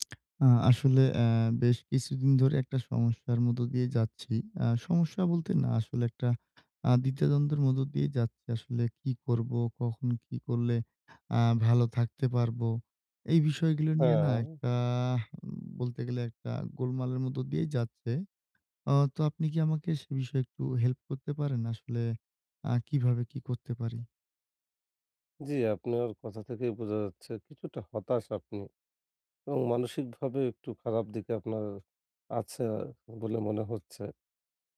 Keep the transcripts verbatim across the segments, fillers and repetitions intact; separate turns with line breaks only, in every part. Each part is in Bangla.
আ আসলে অ্যা বেশ কিছুদিন ধরে এক টা সমস্যার মধ্য দিয়ে যাচ্ছি। আ সমস্যা বলতে না আসলে এক টা আ দ্বিধাদ্বন্দ্বের মধ্য দিয়ে যাচ্ছি। আসলে কী করবো? কখন কী করলে আ ভালো থাকতে পারবো? এই বিষয়গুলো নিয়ে না এক
হ্যাঁ।
টা বলতে গেলে এক টা গোলমালের মধ্যে দিয়েই যাচ্ছে। আ তো আপনি কী আমাকে সে বিষয়ে একটু হেল্প করতে পারেন আসলে আ কিভাবে কী করতে পারি?
জি, আপনার কথা থেকেই বোঝা যাচ্ছে কিছুটা হতাশ আপনি এবং মানসিকভাবে একটু খারাপ দিকে আপনার আছে বলে মনে হচ্ছে।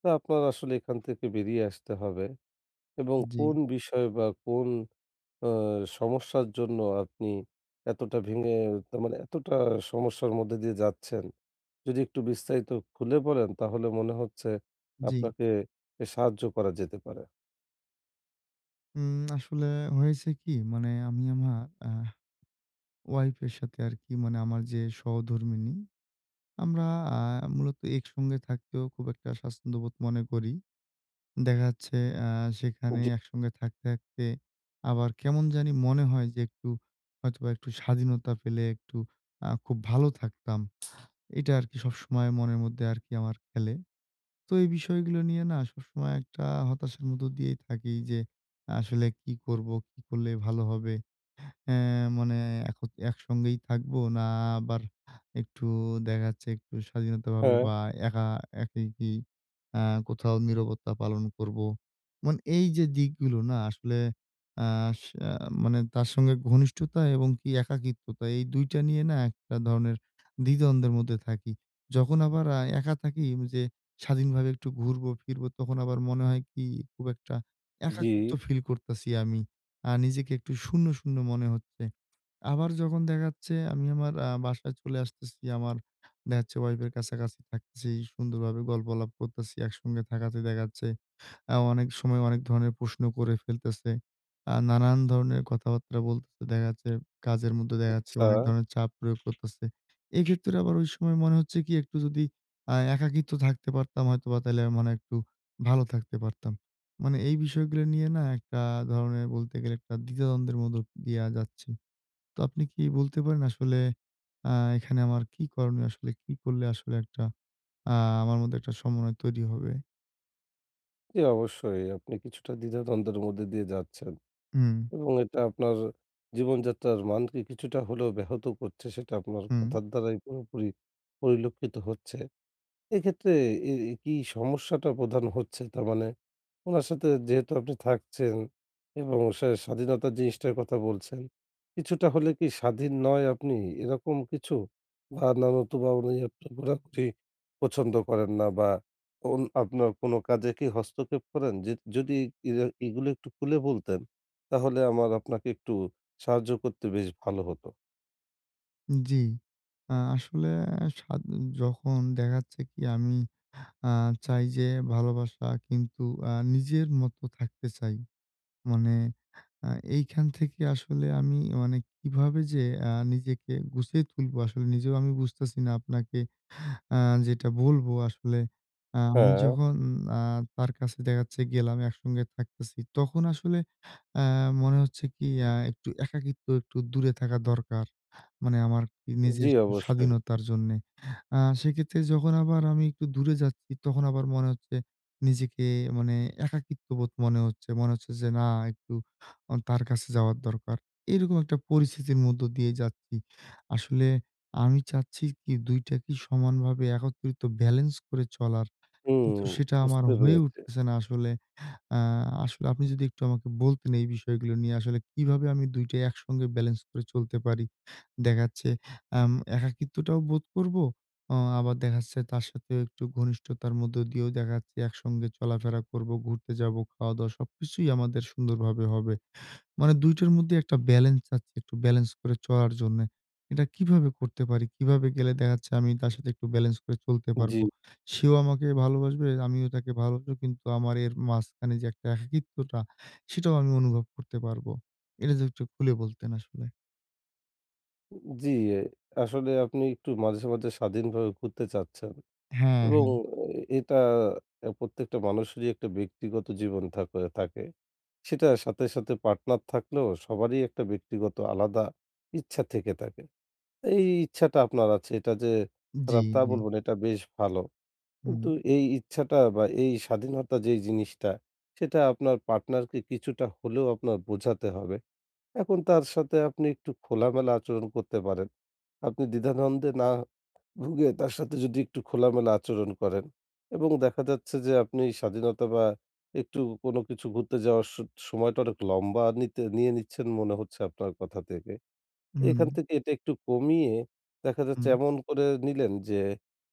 তো আপনার আসলে এখান থেকে বেরিয়ে আসতে হবে এবং কোন
জি।
বিষয় বা কোন আ সমস্যার জন্য আপনি এতটা ভেঙে তার মানে এতটা সমস্যার মধ্যে দিয়ে যাচ্ছেন যদি একটু বিস্তারিত খুলে বলেন তাহলে মনে হচ্ছে
জি।
আপনাকে এ সাহায্য করা যেতে পারে।
উম আসলে হয়েছে কী মানে আমি আমার আহ Wife এর সাথে আরকি মানে আমার যে সহধর্মিণী। আমরা আ মূলত একসঙ্গে থাকতেও খুব একটা স্বাচ্ছন্দ্যবোধ মনে করি। দেখা যাচ্ছে আ সেখানে
জি।
একসঙ্গে থাকতে থাকতে আবার কেমন জানি মনে হয় যে একটু হয়তোবা একটু স্বাধীনতা পেলে একটু আ খুব ভালো থাকতাম। এইটা আরকি সবসময় মনের মধ্যে আরকি আমার খেলে। তো এই বিষয়গুলো নিয়ে না সবসময় এক টা হতাশার মধ্য দিয়েই থাকি যে আসলে কী করবো? কী করলে ভালো হবে অ্যা মানে এখ একসঙ্গেই থাকবো না আবার একটু দেখা যাচ্ছে একটু স্বাধীনতা ভাবে
হ্যাঁ।
বা একা একাই কী কোথাও নীরবতা পালন করব। মানে এই যে দিকগুলো না আসলে আস মানে তার সঙ্গে ঘনিষ্ঠতা এবং কী একাকিত্বতা এই দুই টা নিয়ে না একটা ধরনের দ্বিধা-দ্বন্দ্বের মধ্যে থাকি। যখন আবার আ একা থাকি ওই যে স্বাধীনভাবে একটু ঘুরবো ফিরবো তখন আবার মনে হয় কী খুব একটা একাখিত্ব
জি।
ফিল করতেছি আমি। আ নিজেকে একটু শূন্য-শূন্য মনে হচ্ছে। আবার যখন দেখা যাচ্ছে আমি আমার আ বাসায় চলে আসতেছি, আমার দেখা যাচ্ছে Wife এর কাছাকাছি থাকতেছি, সুন্দরভাবে গল্প-আলাপ করতেছি। একসঙ্গে থাকাতে দেখা যাচ্ছে অনেক সময় অনেক ধরনের প্রশ্ন করে ফেলতেছে। আ নানান ধরনের কথাবার্তা বলতেছে দেখা যাচ্ছে, কাজের মধ্যে দেখা যাচ্ছে
আচ্ছা।
অনেক ধরনের চাপ প্রয়োগ করতেছে। এক্ষেত্রে আবার ওই সময় মনে হচ্ছে কী একটু যদি আ একাকিত্ব থাকতে পারতাম হয়তোবা তাইলে মনে হয় একটু ভালো থাকতে পারতাম। মানে এই বিষয়গুলো নিয়ে না এক টা ধরনের বলতে গেলে এক টা দ্বিধা-দ্বন্দ্বের মধ্য দিয়া যাচ্ছি। তো আপনি কী বলতে পারেন আসলে অ্যা এখানে আমার কী করণীয় আসলে, কী করলে আসলে একটা আ আমার মধ্যে এক টা সমন্বয় তৈরি হবে?
জি অবশ্যই, আপনি কিছুটা দ্বিধা-দ্বন্দ্বের মধ্যে দিয়ে যাচ্ছেন
উম।
এবং এটা আপনার জীবনযাত্রার মানকে কিছুটা হলেও ব্যাহত করছে সেটা আপনার
হুম।
কথার দ্বারাই পুরোপুরি পরিলক্ষিত হচ্ছে। এক্ষেত্রে এ এ কী সমস্যাটা প্রধান হচ্ছে তার মানে ওনার সাথে যেহেতু আপনি থাকছেন এবং সে স্বাধীনতার জিনিসটার কথা বলছেন কিছুটা হলে কী স্বাধীন নয় আপনি এরকম কিছু? বা [unintelligible] পছন্দ করেন না বা এবং আপনার কোনো কাজে কী হস্তক্ষেপ করেন? যে যদি ইর এগুলো একটু খুলে বলতেন তাহলে আমার আপনাকে একটু সাহায্য করতে বেশ ভালো হতো।
জি। আ আসলে যখন দেখা যাচ্ছে কী আমি আহ চাই যে ভালোবাসা কিন্তু আ নিজের মত থাকতে চাই। মানে আ এইখান থেকে আসলে আমি মানে কিভাবে যে আ নিজেকে গুছিয়ে তুলবো আসলে নিজেও আমি বুঝতাছি না আপনাকে আহ যেটা বলবো। আসলে আ আমি
হ্যাঁ।
যখন তার কাছে দেখা যাচ্ছে গেলাম একসঙ্গে থাকতেছি তখন আসলে আ মনে হচ্ছে কী একটু একাকিত্ব একটু দূরে থাকা দরকার। মানে আমার নিজের
জি অবশ্যই।
স্বাধীনতার জন্যে। আ সেক্ষেত্রে যখন আবার আমি একটু দূরে যাচ্ছি তখন আবার মনে হচ্ছে নিজেকে মানে একাকিত্ববোধ মনে হচ্ছে। মনে হচ্ছে যে না একটু তার কাছে যাওয়ার দরকার। এরকম একটা পরিস্থিতির মধ্য দিয়ে যাচ্ছি। আসলে আমি চাচ্ছি কী দুইটাকে সমানভাবে একত্রিত balence করে চলার।
হুম,
কিন্তু সেটা আমার
বুঝতে
হয়ে
পেরেছি।
উঠতেছে না আসলে। আ আসলে আপনি যদি একটু আমাকে বলতেন এই বিষয়গুলো নিয়ে আসলে কিভাবে আমি দুই টা একসঙ্গে balence করে চলতে পারি. দেখা যাচ্ছে আ একাকিত্বটাও বোধ করবো আ আবার দেখা যাচ্ছে তার সাথে একটু ঘনিষ্ঠতার মধ্যে দিয়েও দেখা যাচ্ছে একসঙ্গে চলাফেরা করবো ঘুরতে যাবো, খাওয়া-দাওয়া সবকিছুই আমাদের সুন্দরভাবে হবে। মানে দুই টোর মধ্যে একটা balence আছে একটু balence করে চলার জন্যে। এটা কিভাবে করতে পারি কিভাবে গেলে দেখা যাচ্ছে আমি তার সাথে একটু balence করে চলতে পারবো।
জি।
সেও আমাকে ভালোবাসবে আমিও তাকে ভালোবাসবো কিন্তু আমার এর মাঝখানে যে একটা একাকিত্বটা সেটাও আমি অনুভব করতে পারবো। এটা যদি একটু খুলে বলতেন আসলে।
জ্বী, আসলে আপনি একটু মাঝে, মাঝে, স্বাধীনভাবে ঘুরতে চাচ্ছেন।
হ্যাঁ,
এবং
হ্যাঁ।
এটা প্রত্যেকটা মানুষেরই একটা ব্যক্তিগত জীবন তারপরে থাকে। সেটার সাথে, সাথে, পার্টনার থাকলেও সবারই একটা ব্যক্তিগত আলাদা ইচ্ছা থেকে থাকে। এই ইচ্ছাটা আপনার আছে এটা যে
জ্বী,
খারাপ তা
জ্বী।
বলবো না এটা বেশ ভালো।
হুম।
কিন্তু এই ইচ্ছাটা বা এই স্বাধীনতা যেই জিনিসটা, সেটা আপনার পার্টনারকে কিছুটা হলেও আপনার বোঝাতে হবে। এখন তার সাথে আপনি একটু খোলামেলা আচরণ করতে পারেন। আপনি দ্বিধা-দ্বন্দ্বে না ভুগে তার সাথে যদি একটু খোলামেলা আচরণ করেন। এবং দেখা যাচ্ছে যে আপনি স্বাধীনতা বা একটু কোন কিছু ঘুরতে যাওয়ার স সময়টা অনেক লম্বা নিতে, নিয়ে নিচ্ছেন মনে হচ্ছে আপনার কথা থেকে। এখান
হুম।
থেকে এটা একটু কমিয়ে দেখা যাচ্ছে
হুম।
এমন করে নিলেন যে,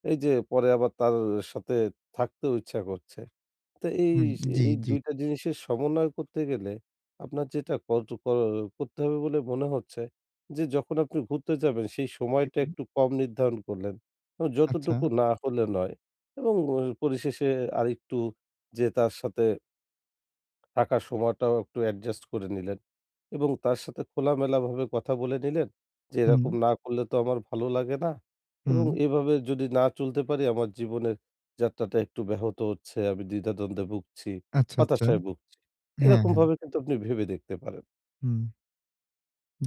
এই যে পরে আবার তার সাথে থাকতেও ইচ্ছা করছে। তো এই,
হুম। জ্বী,
এই,
জ্বী।
দুই টা জিনিসের সমন্বয় করতে গেলে আপনার যেটা কট কর করতে হবে বলে মনে হচ্ছে, যে যখন আপনি ঘুরতে যাবেন সেই সময়টা
হুম।
একটু কম নির্ধারণ করলেন। যতটুকু
আচ্ছা।
না হলে নয় এবং পরিশেষে আরেকটু যেয়ে তার সাথে থাকার সময়টাও একটু অ্যাডজাস্ট করে নিলেন। এবং তার সাথে খোলামেলাভাবে কথা বলে নিলেন। যে এরকম
হুম।
না করলে তো আমার ভালো লাগে না। এবং
হুম।
এভাবে যদি না চলতে পারি আমার জীবনের যাত্রাটা একটু ব্যাহত হচ্ছে। আমি দ্বিধা দ্বন্দ্বে ভুগছি,
আচ্ছা, আচ্ছা।
হতাশায় ভুগছি।
হ্যাঁ, হ্যাঁ।
এরকমভাবে কিন্তু আপনি ভেবে দেখতে পারেন।
হুম।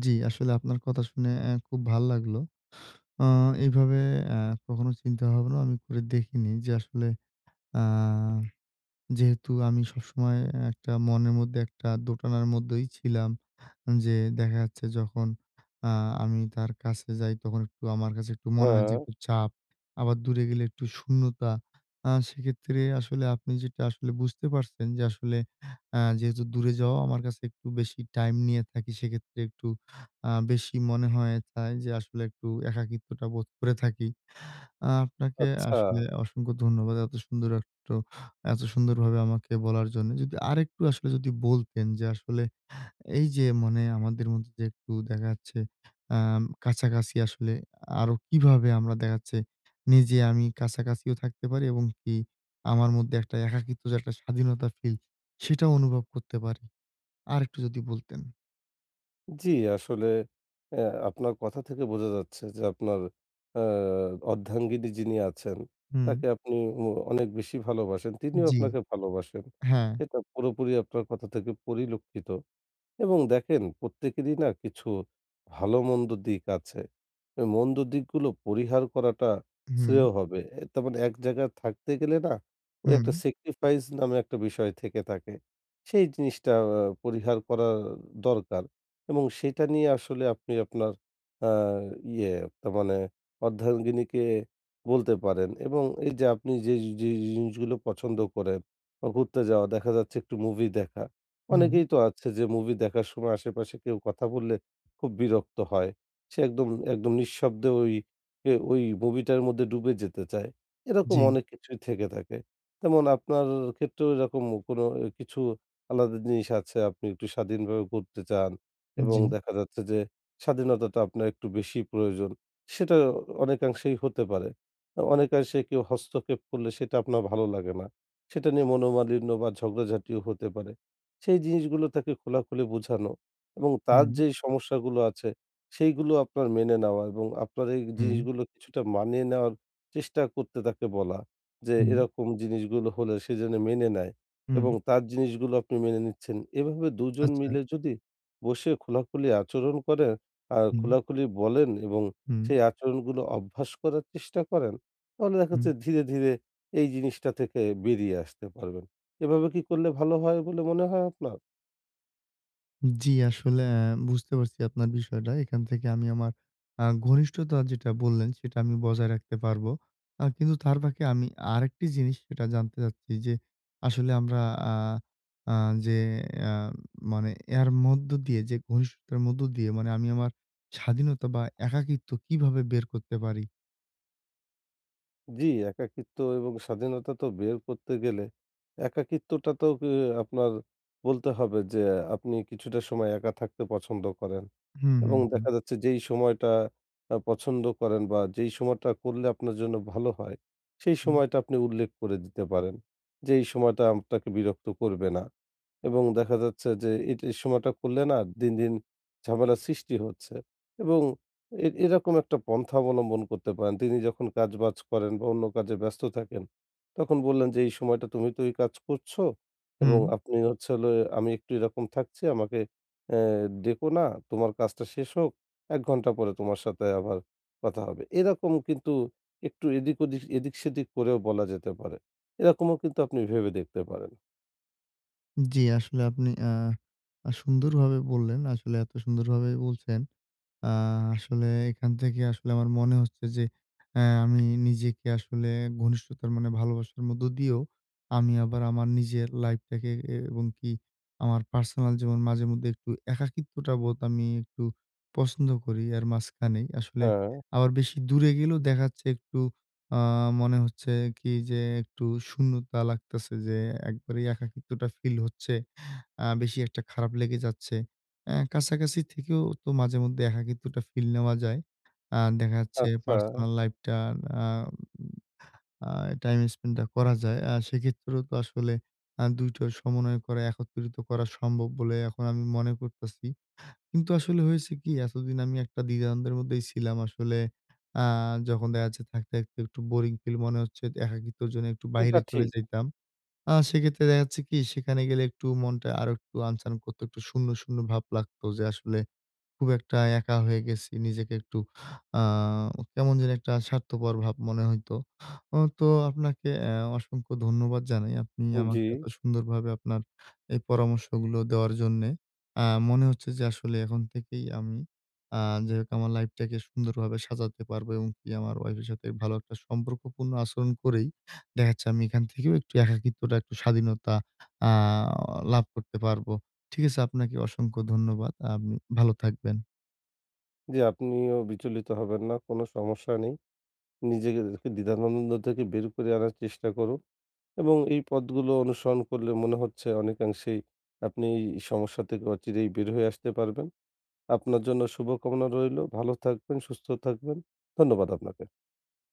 জ্বী, আসলে আপনার কথা শুনে আ খুব ভালো লাগলো। আ এভাবে আ কখনো চিন্তা হবে না, আমি করে দেখিনি। যে আসলে আ যেহেতু আমি সবসময় একটা মনের মধ্যে একটা দোটানার মধ্যেই ছিলাম। যে দেখা যাচ্ছে যখন আ আমি তার কাছে যাই। তখন একটু আমার কাছে একটু মনে হয় যে
হ্যাঁ।
একটু চাপ, আবার দূরে গেলে একটু শূন্যতা। আ সেক্ষেত্রে আসলে আপনি যেটা আসলে বুঝতে পারছেন। যে আসলে আ যেহেতু দূরে যাওয়া আমার কাছে একটু বেশি টাইম নিয়ে থাকি। সেক্ষেত্রে একটু আ বেশি মনে হয়। তা এইযে আসলে একটু একাকিত্বটা বোধ করে থাকি। আ আপনাকে
আচ্ছা।
আসলে অসংখ্য ধন্যবাদ। এত সুন্দর একটো এত সুন্দরভাবে আমাকে বলার জন্য। যদি আরেকটু আসলে যদি বলতেন। যে আসলে এই যে মানে আমাদের মধ্যে যে একটু দেখা যাচ্ছে আ কাছাকাছি আসলে আরো কিভাবে আমরা দেখাচ্ছে, নিজে আমি কাছাকাছিও থাকতে পারি এবং কি আমার মধ্যে একটা একাকিত্ব যে একটা স্বাধীনতা ফিল, সেটাও অনুভব করতে পারি। আরেকটু যদি বলতেন?
জি, আসলে অ্যা আপনার কথা থেকে বোঝা যাচ্ছে যে আপনার আ অর্ধাঙ্গিনী যিনি আছেন
হুম।
তাকে আপনি অ অনেক বেশি ভালোবাসেন। তিনিও
জি।
আপনাকে ভালোবাসেন।
হ্যাঁ।
এটা পুরোপুরি আপনার কথা থেকে পরিলক্ষিত। এবং দেখেন প্রত্যেকেরই না কিছু ভালো-মন্দ দিক আছে। তো মন্দ দিকগুলো পরিহার করাটা
হুম।
শ্রেয় হবে। অ্যা তার মানে এক জায়গায় থাকতে গেলে না ওই এক টা
হুম।
sacrifice নামে এক টা বিষয় থেকে থাকে। সেই জিনিসটা আ পরিহার করা দরকার। এবং সেইটা নিয়ে আসলে আপনি আপনার আ ইয়ে ন মানে অর্ধাঙ্গিনীকে বলতে পারেন এবং এই যে আপনি যে যে জিনিসগুলো পছন্দ করেন বা ঘুরতে যাওয়া দেখা যাচ্ছে একটু মুভি দেখা।
হুম।
অনেকেই তো আছে যে মুভি দেখার সময় আশেপাশে কেউ কথা বললে খুব বিরক্ত হয়। সে একদম, একদম নিঃশব্দে ওই এ ওই মুভিটার মধ্যে ডুবে যেতে চায়। এরকম
জি।
অনেক কিছুই থেকে থাকে। তেমন আপনার ক্ষেত্রেও এরকম কোনো কিছু আলাদা জিনিস আছে আপনি একটু স্বাধীনভাবে ঘুরতে চান
উন
এবং
জি।
দেখা যাচ্ছে যে স্বাধীনতাটা আপনার একটু বেশি প্রয়োজন, সেটা অনেকাংশেই হতে পারে। অনেকাংশে কেউ হস্তক্ষেপ করলে সেটা আপনার ভালো লাগে না। সেটা নিয়ে মনোমালিন্য বা ঝগড়াঝাটিও হতে পারে। সেই জিনিসগুলো তাকে খোলাখুলি বোঝানো এবং তার
হুম।
যেই সমস্যাগুলো আছে সেইগুলো আপনার মেনে নেওয়া এবং আপনার এই
উম।
জিনিসগুলো কিছুটা মানিয়ে নেওয়ার চেষ্টা করতে তাকে বলা যে
উম।
এরকম জিনিসগুলো হলে সে যেন মেনে নেয় এবং
উম।
তার জিনিসগুলো আপনি মেনে নিচ্ছেন। এভাবে দুই জন
আচ্ছা।
মিলে যদি বসে খোলাখুলি আচরণ করেন আর
হুম।
খোলাখুলি বলেন এবং
হুম।
সেই আচরণগুলো অভ্যাস করার চেষ্টা করেন তাহলে দেখা
হুম।
যাচ্ছে ধীরে-ধীরে এই জিনিসটা থেকে বেরিয়ে আসতে পারবেন। এভাবে কী করলে ভালো হয় বলে মনে হয় আপনার?
জ্বি, আসলে বুঝতে পারছি আপনার বিষয়টা। এইখান থেকে আমি আমার আ ঘনিষ্ঠতা যেটা বললেন সেটা আমি বজায় রাখতে পারবো। আ কিন্তু তার ফাকে আমি আরেকটি জিনিস সেটা জানতে চাচ্ছি যে, আসলে আমরা আ আ যে আ মানে এর মধ্য দিয়ে যে ঘনিষ্ঠতার মধ্য দিয়ে মানে আমি আমার স্বাধীনতা বা একাকিত্ব কিভাবে বের করতে পারি?
জ্বী, একাকিত্ব এবং স্বাধীনতা তো বের করতে গেলে একাকিত্বটাতেও কে আপনার বলতে হবে যে, আপনি কিছুটা সময় একা থাকতে পছন্দ করেন।
হুম,
এবং
হুম, হুম।
দেখা যাচ্ছে যেই সময়টা আ পছন্দ করেন বা যেই সময়টা করলে আপনার জন্য ভালো হয়, সেই
হু।
সময়টা আপনি উল্লেখ করে দিতে পারেন, যে এই সময়টা আমটাকে বিরক্ত করবে না। এবং দেখা যাচ্ছে যে এটি সময়টা করলে না দিন, দিন, ঝামেলা সৃষ্টি হচ্ছে। এবং এ এরকম একটা পন্থা অবলম্বন করতে পারেন। তিনি যখন কাজবাজ করেন বা অন্য কাজে ব্যস্ত থাকেন, তখন বললেন যে এই সময়টা তুমি তো এই কাজ করছ। এবং
হুম।
আপনি হচ্ছে হলে আমি একটু এরকম থাকছি। আমাকে এ্যা ডেকো না। তোমার কাজটা শেষ হোক। এক ঘন্টা পরে তোমার সাথে আবার কথা হবে। এরকম কিন্তু একটু এদিক, ওদিক, এদিক, সেদিক করেও বলা যেতে পারে। এরকমও কিন্তু আপনি ভেবে দেখতে পারেন।
জি, আসলে আপনি অ্যা সুন্দর ভাবে বললেন, আসলে এত সুন্দর ভাবে বলছেন, আ আসলে এখান থেকে আসলে আমার মনে হচ্ছে যে অ্যা আমি নিজেকে আসলে ঘনিষ্ঠতার মানে ভালোবাসার মধ্যে দিয়েও আমি আবার আমার নিজের লাইফটাকে এবং কি আমার পার্সোনাল জীবন মাঝে মধ্যে একটু একাকিত্বটা বোধ আমি একটু পছন্দ করি এর মাঝখানেই, আসলে
হ্যাঁ।
আবার বেশি দূরে গেলেও দেখাচ্ছে একটু, আ মনে হচ্ছে কি যে একটু শূন্যতা লাগতাছে যে, একবারেই একাকিত্বটা ফিল হচ্ছে। আ বেশি একটা খারাপ লেগে যাচ্ছে। অ্যা কাছাকাছি থেকেও তো মাঝেমধ্যে একাকিত্বটা ফিল নেওয়া যায়। আ দেখা যাচ্ছে
আচ্ছা।
পার্সোনাল লাইফটা আ ম আ টাইম স্পেন্ড টা করা যায়। আ সেক্ষেত্রেও তো আসলে আ দুই টা সমন্বয় করা একত্রিত করা সম্ভব বলে এখন আমি মনে করতাছি। কিন্তু আসলে হয়েছে কি এতদিন আমি একটা দ্বিধানদের মধ্যেই ছিলাম আসলে আ যখন দেখাচ্ছে থাকতে, থাকতে একটু বোরিং ফিল মনে হচ্ছে একাকিত্বর জন্য একটু
এটা
বাইরে চলে
ঠিক।
যাইতাম। আ সেক্ষেত্রে দেখাচ্ছে কি সেখানে গেলে একটু মনটা আরো একটু আনচান করত, একটু শূন্য, শূন্য ভাব লাগতো যে আসলে খুব একটা একা হয়ে গেছি। নিজেকে একটু আ কেমন জানি একটা স্বার্থপর ভাব মনে হইতো। অ তো আপনাকে অ্যা অসংখ্য ধন্যবাদ জানাই। আপনি আমাকে
জি।
এত সুন্দরভাবে আপনার এই পরামর্শগুলো দেওয়ার জন্যে, অ্যা মনে হচ্ছে যে আসলে এখন থেকেই আমি, আ যাই হোক আমার লাইফটাকে সুন্দরভাবে সাজাতে পারবো এবং আমার ওয়াইফ এর সাথে ভালো একটা সম্পর্কপূর্ণ আচরণ করেই, দেখাচ্ছে আমি এখান থেকেও একটু একাকিত্বটা, একটু স্বাধীনতা আ লাভ করতে পারব। ঠিক আছে, আপনাকে অসংখ্য ধন্যবাদ, আপ ভালো থাকবেন।
জি, আপনিও বিচলিত হবেন না, কোনো সমস্যা নেই। নিজেকে দ্বি দ্বিধানন্দ থেকে বের করে আনার চেষ্টা করো, এবং এই পথগুলো অনুসরণ করলে মনে হচ্ছে অনেকাংশেই আপনি সমস্যা থেকে অচিরেই বের হয়ে আসতে পারবেন। আপনার জন্য শুভকামনা রইলো ভালো, থাকবেন সুস্থ থাকবেন, ধন্যবাদ আপনাকে।